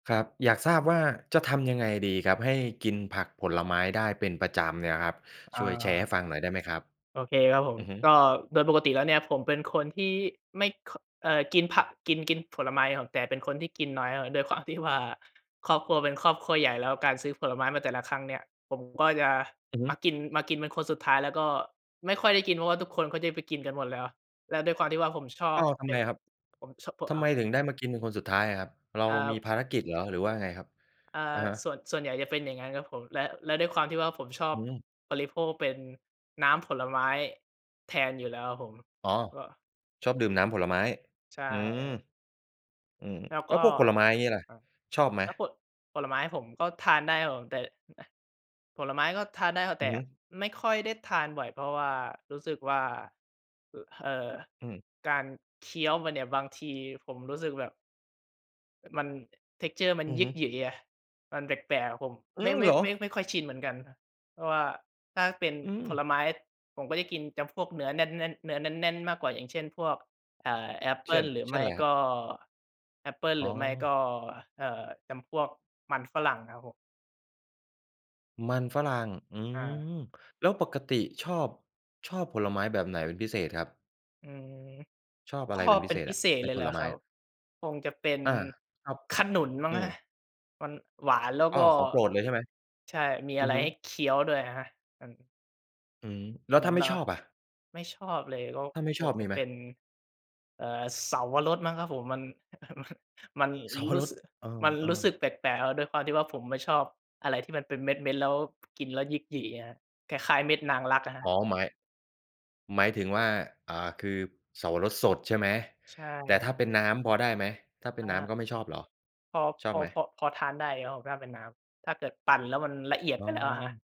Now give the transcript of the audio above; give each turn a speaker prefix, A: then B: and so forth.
A: ครับ อยากทราบว่าจะทำยังไงดีครับให้กินผักผลไม้ได้เป็นประจำเนี่ยครับ ช่วยแชร์ใ
B: อา
A: ห้ฟังหน่อยได้ไหมครับ?
B: โอเคครับผม
A: อือฮึ
B: ก็โดยปกติแล้วเนี่ย ผมเป็นคนที่ไม่ ค เอ่อ กินผัก กิน กินผลไม้ครับ แต่เป็นคนที่กินน้อยอะ ด้วยความที่ว่า ครอบครัวเป็นครอบครัวใหญ่ แล้วการซื้อผลไม้มาแต่ละครั้งเนี่ย ผมก็จะ
A: อือฮ
B: ม
A: ึ
B: ากิน มากินเป็นคนสุดท้าย แล้วก็ไม่ค่อยได้กิน เพราะว่าทุกคนก็จะไปกินกันหมดแล้ว แล้วด้วยความที่ว่าผมชอ
A: อ้
B: บ
A: าว ท
B: ไ
A: ำ
B: อ้
A: ไมครับ
B: ผม ช ผ
A: ท
B: อ
A: ำไม
B: า
A: ถึงได้มากินเป็นคนสุดท้ายอะครับ เรา
B: คร
A: ม
B: ั
A: ี
B: บ
A: ภารกิจเหรอ หรือว่ายังไงครับ?
B: อา
A: อะฮะ
B: ส่วน ส่วนใหญ่จะเป็นอย่างงั้นครับผม และ และด้วยความที่ว่าผมชอ
A: อ
B: บ
A: ืม
B: บริโภคเป็นน้ำผลไม้แทนอยู่แล้วครับผม
A: อ๋อ
B: ก็
A: ชอบดื่มน้ำผลไม้
B: ใช่
A: อืม
B: ครับผม
A: อือ
B: แล้ว
A: แล
B: ก
A: ้
B: ็
A: วพวกผลไม้อย่างงี้ล่ะ
B: อา
A: ชอบไหม?
B: แล้วโผะ ผลไม้ผมก็ทานได้ครับผม แต่ อ อา ผลไม้ก็ทานได้
A: อ
B: แ
A: ื
B: ต
A: อ
B: ่
A: ฮึ
B: ไม่ค่อยได้ทานบ่อย เพราะว่ารู้สึกว่า อ เอ่อ
A: อืม
B: การเคี้ยวมันเนี่ย บางทีผมรู้สึกแบบ มัน texture มัน
A: อือ
B: หย
A: ฮ
B: ิ
A: ึ
B: กยึ๋ยไง มันแปลก ๆ ผม
A: อื
B: ไม่
A: อ
B: ไม
A: เ
B: ่
A: หรอ?
B: ไม่ ไม่ค่อยชินเหมือนกันครับ เพราะว่าถ้าเป็น
A: อื
B: ผล
A: ม
B: ไม้ผมก็จะกินจำพวกเนื้อแน่น ๆ เนื้อแน่น ๆ มากกว่า อย่างเช่น พวก อ่า แอปเป
A: เช
B: ิ
A: ่
B: ้ล
A: น
B: หรือ
A: เช
B: ไ
A: ่
B: ม
A: น
B: ่
A: ไรคร
B: ก
A: ับ?
B: ็ แอปเปิ้ล
A: อ๋
B: หรือไม่ก
A: อ
B: ็ เอ่อ จำพวกมันฝรั่งครับผม
A: มันฝรั่ง อื
B: อา
A: ม แล้วปกติชอบ ชอบผลไม้แบบไหนเป็นพิเศษครับ?
B: อืม
A: ชอบอ
B: ช
A: ะไร
B: อ
A: เป็
B: บ
A: นพ
B: เ
A: ิ
B: ป็
A: เ
B: น
A: ศษ
B: พิ
A: อะ
B: เศษ
A: ใน
B: เลย
A: ผ
B: เหรอ
A: ลไ
B: ค
A: ม
B: ร
A: ้?
B: ับ คงจะเป็น
A: อา ครับ
B: ขนุนมั้ง
A: อื
B: ครับ
A: ม
B: มันหวาน แล้ว
A: อ้
B: ก
A: อ
B: ็
A: ของโปรดเลยใช่ไหม?
B: ใช่ มี
A: อ
B: อ
A: ื
B: ะ
A: อ
B: ไร
A: ฮึ
B: ให้เคี้ยวด้วย อะฮะ อัน
A: อืม แล้
B: เ
A: ว
B: หมื
A: ถ้
B: อ
A: า
B: น
A: ไ
B: เ
A: ม
B: ห
A: ่
B: รอ
A: ชอบอะ?
B: ไม่ชอบเลย ก็
A: ถ้าไม่
B: ค
A: ชอ
B: ง
A: บ
B: จ
A: ม
B: ะ
A: ีไห
B: เ
A: ม?
B: ป็น เอ่อ เสาวรสมั้งครับผม มัน มัน มัน
A: เสาว
B: รู
A: ร
B: ้
A: ส
B: สึก
A: เออ
B: มัน
A: เอ
B: รู
A: อ
B: ้สึกแปลก ๆ อะ ด้วยความที่ว่าผมไม่ชอบอะไรที่มันเป็นเม็ด ๆ แล้ว กินแล้วหยิกยึ๋ยอะครับ คล้าย ๆ เม็ดนางรัก อะฮ
A: อ๋
B: ะ
A: อหมาย หมายถึงว่า อ่า คือเสาวรสสดใช่ไหม
B: ใช่
A: แต่
B: ค
A: ถ
B: ร
A: ้
B: ั
A: า
B: บ
A: เป็นน้ำพอได้ไหม ถ้าเป็น
B: อ
A: น้ำ
B: า
A: ก็ไม่ชอบเหรอ?
B: พอ
A: ช
B: พ
A: อบ
B: อ
A: ไหม?
B: พอ พอทานได้อยู่ครับผมถ้าเป็นน้ำ ถ้าเกิดปั่นแล้วมันละเอียด
A: อ๋
B: ไปแล้วอะครับ
A: อ